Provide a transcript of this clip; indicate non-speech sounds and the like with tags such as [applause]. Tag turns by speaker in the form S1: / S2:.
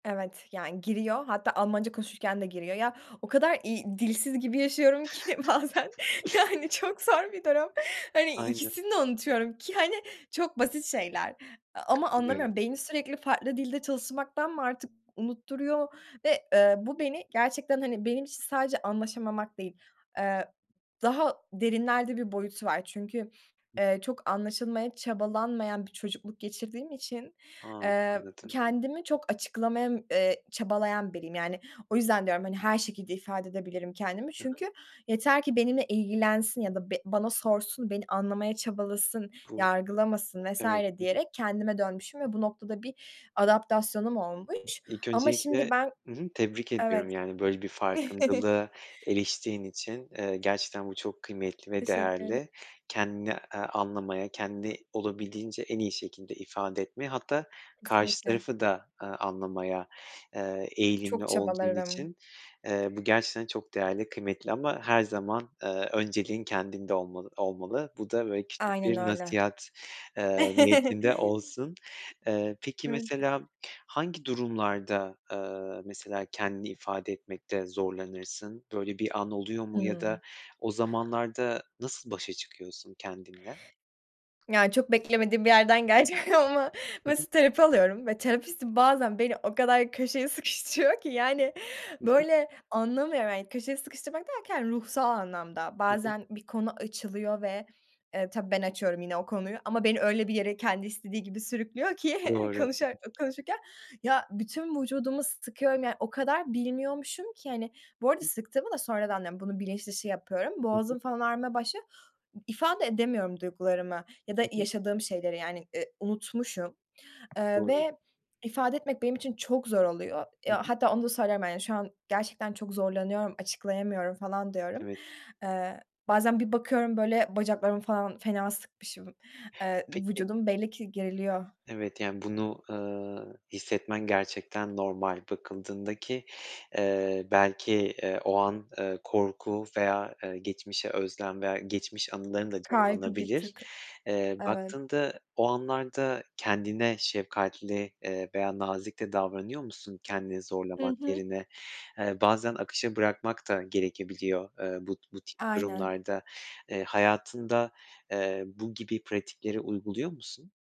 S1: Evet, yani giriyor, hatta Almanca konuşurken de giriyor. Ya, o kadar, iii, dilsiz gibi yaşıyorum ki bazen, yani, çok zor bir durum. Hani,
S2: Aynen.
S1: ikisini de unutuyorum, ki, hani, çok basit şeyler. A ama
S2: Katılıyorum.
S1: anlamıyorum, beyni sürekli farklı dilde çalışmaktan mı artık unutturuyor, ve, eee, bu beni gerçekten, hani, benim için sadece anlaşamamak değil, ııı, daha derinlerde bir boyutu var, çünkü,
S2: Hı.
S1: ııı, çok anlaşılmaya çabalanmayan bir çocukluk geçirdiğim için,
S2: Ha,
S1: eee,
S2: anladım.
S1: kendimi çok açıklamaya, ııı, çabalayan biriyim. Yani, o yüzden, diyorum, hani, her şekilde ifade edebilirim kendimi,
S2: Hı hı.
S1: çünkü yeter ki benimle ilgilensin, ya da be bana sorsun, beni anlamaya çabalasın,
S2: Bu
S1: yargılamasın vs.
S2: evet. Hı hı.
S1: diyerek, kendime dönmüşüm ve bu noktada bir adaptasyonum olmuş,
S2: İlk
S1: ama şimdi
S2: öncelikle
S1: ben
S2: Hı hı, tebrik ediyorum,
S1: Evet.
S2: yani, böyle bir
S1: [chuckles]
S2: farkındalığa eriştiğin için, ııı, gerçekten bu çok kıymetli ve
S1: Teşekkür ederim.
S2: değerli, kendini, ııı, anlamaya, kendini olabildiğince en iyi şekilde ifade etmeye, hatta karşı
S1: Kesinlikle.
S2: tarafı da, ııı, anlamaya, ııı, eğilimli
S1: Çok
S2: olduğun
S1: çabalarım.
S2: için, ııı, bu gerçekten çok değerli, kıymetli ama her zaman, ııı, önceliğin kendinde olma olmalı. Bu da, böyle küçük
S1: Aynen
S2: bir
S1: öyle.
S2: nasihat, ııı, niyetinde
S1: [chuckles]
S2: olsun. Iıı, peki,
S1: Evet.
S2: mesela hangi durumlarda, ııı, mesela, kendini ifade etmekte zorlanırsın? Böyle, bir an oluyor mu, ya
S1: Hımm.
S2: da o zamanlarda nasıl başa çıkıyorsun kendinle?
S1: Ya, çok beklemediğin bir yerden gelecek ama,
S2: Hı hı.
S1: mesela, terapi alıyorum ve terapistim bazen, beni o kadar köşeye sıkıştırıyor ki, yani.
S2: Hı hı.
S1: Böyle, anlamıyorum, yani köşeye sıkıştırmak derken, ruhsal anlamda,
S2: Hı hı.
S1: bazen bir konu açılıyor ve e, tabii ben açıyorum yine o konuyu, ama beni öyle bir yere, kendi istediği gibi sürüklüyor ki,
S2: Doğru. [unintelligible]
S1: konuşurak konuşurken, ya, bütün vücudumu sıkıyorum, yani, o kadar bilmiyormuşum ki, hani bu arada sıktığımı da sonradan diyorum, bunun bilinçdışı yapıyorum,
S2: Hı hı.
S1: boğazım falan ağrımaya başlıyor, ifade edemiyorum duygularımı, ya da
S2: Hı hı.
S1: yaşadığım şeyleri yani, ııı, unutmuşum, ııı,
S2: Doğru.
S1: ve ifade etmek benim için çok zor oluyor. Eee,
S2: Hı hı.
S1: hatta onu da söylüyorum, yani şu an gerçekten çok zorlanıyorum, açıklayamıyorum, falan, diyorum.
S2: Evet.
S1: Iıı, bazen bir bakıyorum, böyle, bacaklarımı falan fena sıkmışım, ııı,
S2: Peki
S1: vücudum belli ki geriliyor.
S2: Evet, yani, bunu, ııı, hissetmen gerçekten normal, bakıldığında, ki, ııı, belki, ııı, o an, ııı, korku veya, ııı, geçmişe özlem, veya geçmiş anıların da
S1: Kaygı bir
S2: canlanabilir.
S1: tık.
S2: Iıı,
S1: Evet.
S2: baktığında o anlarda, kendine şefkatli, ııı, veya nazik de davranıyor musun kendini
S1: Hı
S2: zorlamak
S1: hı.
S2: yerine? Iıı, bazen akışa bırakmak da gerekebiliyor, ııı, bu ti bu tip
S1: Aynen.
S2: durumlarda, ııı, hayatında, ııı, bu gibi pratikleri uyguluyor musun?